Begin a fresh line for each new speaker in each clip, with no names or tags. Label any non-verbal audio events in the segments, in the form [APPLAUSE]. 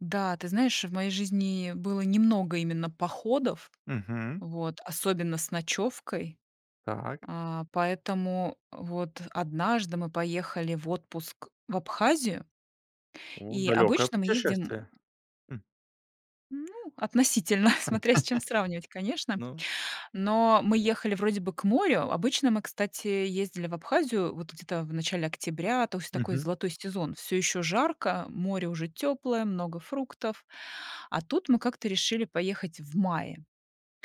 Да, ты знаешь, в моей жизни было немного именно походов,
Мгм.
вот, особенно с ночевкой.
Так.
А, поэтому вот однажды мы поехали в отпуск в Абхазию
О,
и
далекое
обычно мы ездим, м,
путешествие. Хм.
м Ну, относительно. [CHUCKLES]
[CHUCKLES]
Смотря с чем сравнивать, конечно.
Ну
Но мы ехали вроде бы к морю. Обычно мы, кстати, ездили в Абхазию вот где-то в начале октября, то есть такой
Мгм.
золотой сезон. Всё ещё жарко, море уже тёплое, много фруктов. А тут мы как-то решили поехать в мае.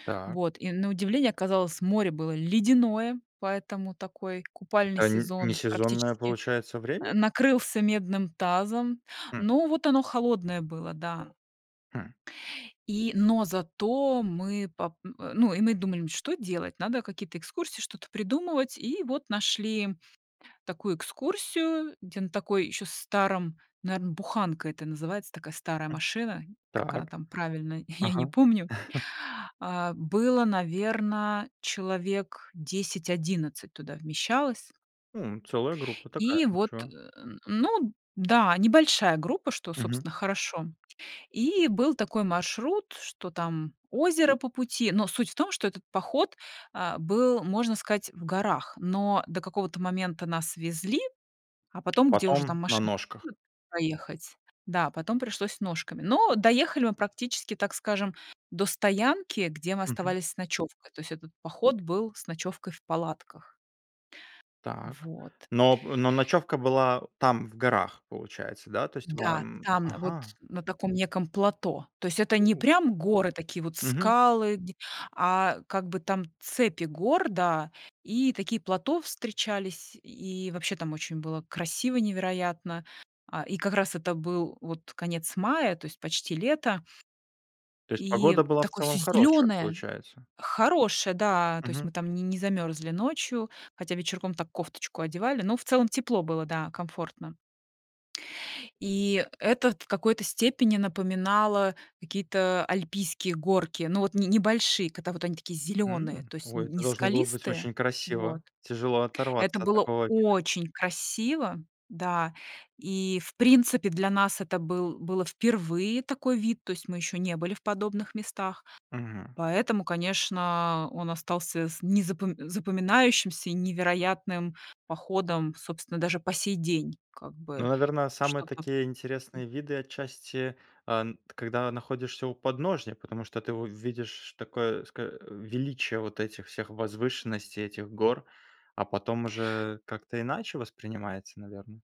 Та
Вот, и на удивление оказалось, море было ледяное, поэтому такой купальный
Это нь
сезон
несезонное
практически,
получается
э,
время?
накрылся медным тазом.
Хм.
Ну вот оно холодное было, да.
Хм.
И, но зато мы пап м, э, ну, и мы думаем: "Что делать? Надо какие-то экскурсии, что-то придумывать". И вот нашли такую экскурсию, где на такой ещё старом, наверно, буханка это называется, такая старая
М.
машина. Как она
Так.
там правильно- я не
Ага.
помню.
[CHUCKLES]
А было, наверно, человек 10-11 туда вмещалось.
М, целая группа такая,
И
и
вот, э,
чё?
[GRUNTS] н ну да. Небольшая группа, что,
Мгм.
собственно, хорошо. И был такой маршрут, что там озеро по пути. Но суть в том, что этот поход, а, был, можно сказать, в горах. Но до какого-то момента нас везли, а
А
потом, где уже
потом
там
на
машина
ножках.
[UNINTELLIGIBLE] проехать. Да, потом пришлось ножками. Но доехали мы практически, так скажем, до стоянки, где мы
Мгм.
оставались с ночёвкой. То есть этот поход был с ночёвкой в палатках.
Так.
Вот.
Но п но ночёвка была там в горах, получается, да? То есть
Да,
вам
там, вот
Ага.
на таком неком плато. То есть это не
У.
прям горы, такие вот
Мгм.
скалы, где а, как бы там цепи гор, да, и такие плато встречались. И вообще там очень было красиво невероятно. А, и как раз это был вот конец мая, то есть почти лето
То есть
и
погода была в
такое всё
целом хорошая,
зелёное.
получается?
Хорошее, да. То есть
Мгм.
мы там не не замёрзли ночью. Хотя вечерком так кофточку одевали, но в целом тепло было, да, комфортно. И это т в какой-то степени напоминало какие-то альпийские горки. Ну, вот не небольшие, когда вот они такие зелёные,
М.
то есть
О,
не
это должно было быть
скалистые
очень
Вот.
красиво. Тяжело
Это
оторваться от
было
такого вида.
очень красиво, да, и в принципе для нас это был было впервые такой вид. То есть мы ещё не были в подобных местах.
Мгм.
Поэтому, конечно, он остался с незапом запоминающимся и невероятным походом, собственно, даже по сей день как
Ну,
бы
наверно, самые
что-то
такие
м
интересные виды отчасти, а н когда находишься у подножья. Потому что ты увидишь такое ско э, величие вот этих всех возвышенностей, этих гор, а потом уже как-то иначе воспринимается, наверно.